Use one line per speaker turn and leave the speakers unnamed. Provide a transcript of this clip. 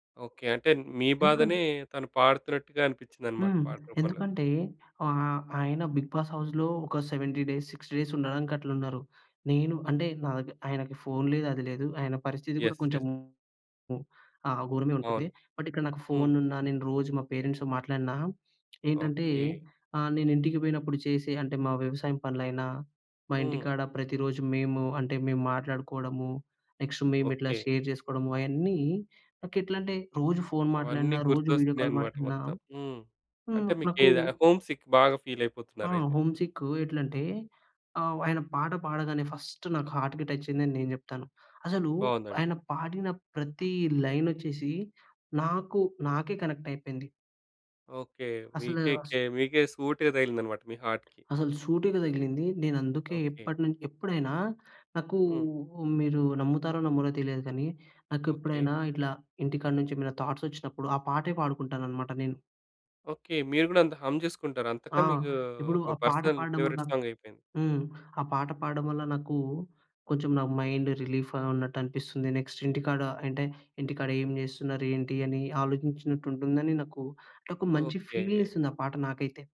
Okay. అంటే మీ బాధనే,
ఎంకన్న
తను పాడుతున్నట్టుగా అనిపించిందన్నమాట
హ్మ్.
పాట రూపంలో.
ఎందుకంటే ఆహ్, ఆయన బిగ్ బాస్ హౌస్‌లో ఒక 70 డేస్, డేస్ ఉండడానికి అట్లున్నారు. నేను అంటే నాదగర్ ఆయనకి ఫోన్ లేదు. అది లేదు. ఆయన పరిస్థితి కూడా
యెస్. యెస్.
కొంచెము ఆ! ఘోరమే ఉంటుంది.
అవును.
బట్ ఇక్కడ నాకు
హ్మ్.
ఫోనున్నా, నేను రోజు మా పేరెంట్స్‌తో మాట్లాడినా ఏంటంటే,
ఓకే.
ఆహ్, నేను ఇంటికి పోయినప్పుడు చేసే అంటే మా వ్యవసాయం పనులైనా, మా
హ్మ్.
ఇంటికాడ ప్రతిరోజు మేము అంటే, మేము మాట్లాడుకోడము. నెక్స్ట్ మేము ఇట్లా
ఓకే.
షేర్ చేసుకోడము, అయన్నీ నాకేట్లంటే రోజు ఫోన్ మాట్లాడిన,
అవన్నీ
రోజు వీడియో కాల్
గుర్తొస్తున్నాయన్నమాట
మాట్లాడినా
మొత్తం. హ్మ్.
హ్మ్.
అంటే
నాకు
మీకేద హోమ్‌సిక్ బాగా ఫీల్
ఆ!
అయిపోతున్నారైతే.
హోమ్‌సిక్ ఎట్లంటే, ఆహ్, ఆయన పాట పాడగానే ఫస్ట్ నాకు హార్ట్‌కి టచ్చయిందని నేను చెప్తాను. అసలు
బావుందండి.
ఆయన పాడిన ప్రతి లైనొచ్చేసి నాకు నాకే కనెక్ట్ అయిపోయింది.
ఓకే.
అసలు వాస్
మీకేకే మీకే సూటీగా తగిలిందన్నమాట మీ హార్ట్‌కి.
అసలు సూటిగా తగిలింది. నేనందుకే
ఓకే.
ఎప్పటిను ఎప్పుడైనా నాకు
హ్మ్.
మీరు నమ్ముతారో నమ్మరో తెలియదు కానీ,
ఓకే.
నాకేప్పుడైనా ఇట్లా ఇంటికాడ నుంచి ఏమైనా థాట్స్ వచ్చినప్పుడు ఆ పాటే పాడుకుంటానన్నమాట నేను.
ఓకే. మీరు కూడా అంత హం చేసుకుంటారు, అంతగా
ఆ!
మీకు
ఇప్పుడు
ఒక
ఆ పాట
పర్సనల్
పాడడం వల్ల
ఫేవరెట్ సాంగయిపోయింది.
హ్మ్. ఆ పాట పాడడం వల్ల, నాకు కొంచెం నా మైండ్ రిలీఫ్‌గా ఉన్నట్టనిపిస్తుంది. నెక్స్ట్ ఇంటికాడ అంటే, ఇంటికాడ ఏం చేస్తున్నారు, ఏంటి, అని ఆలోచించినట్టుంటుందని నాకు నాకు మంచి
ఓకే.
ఫీల్ నిస్తుంది ఆ పాట నాకైతే.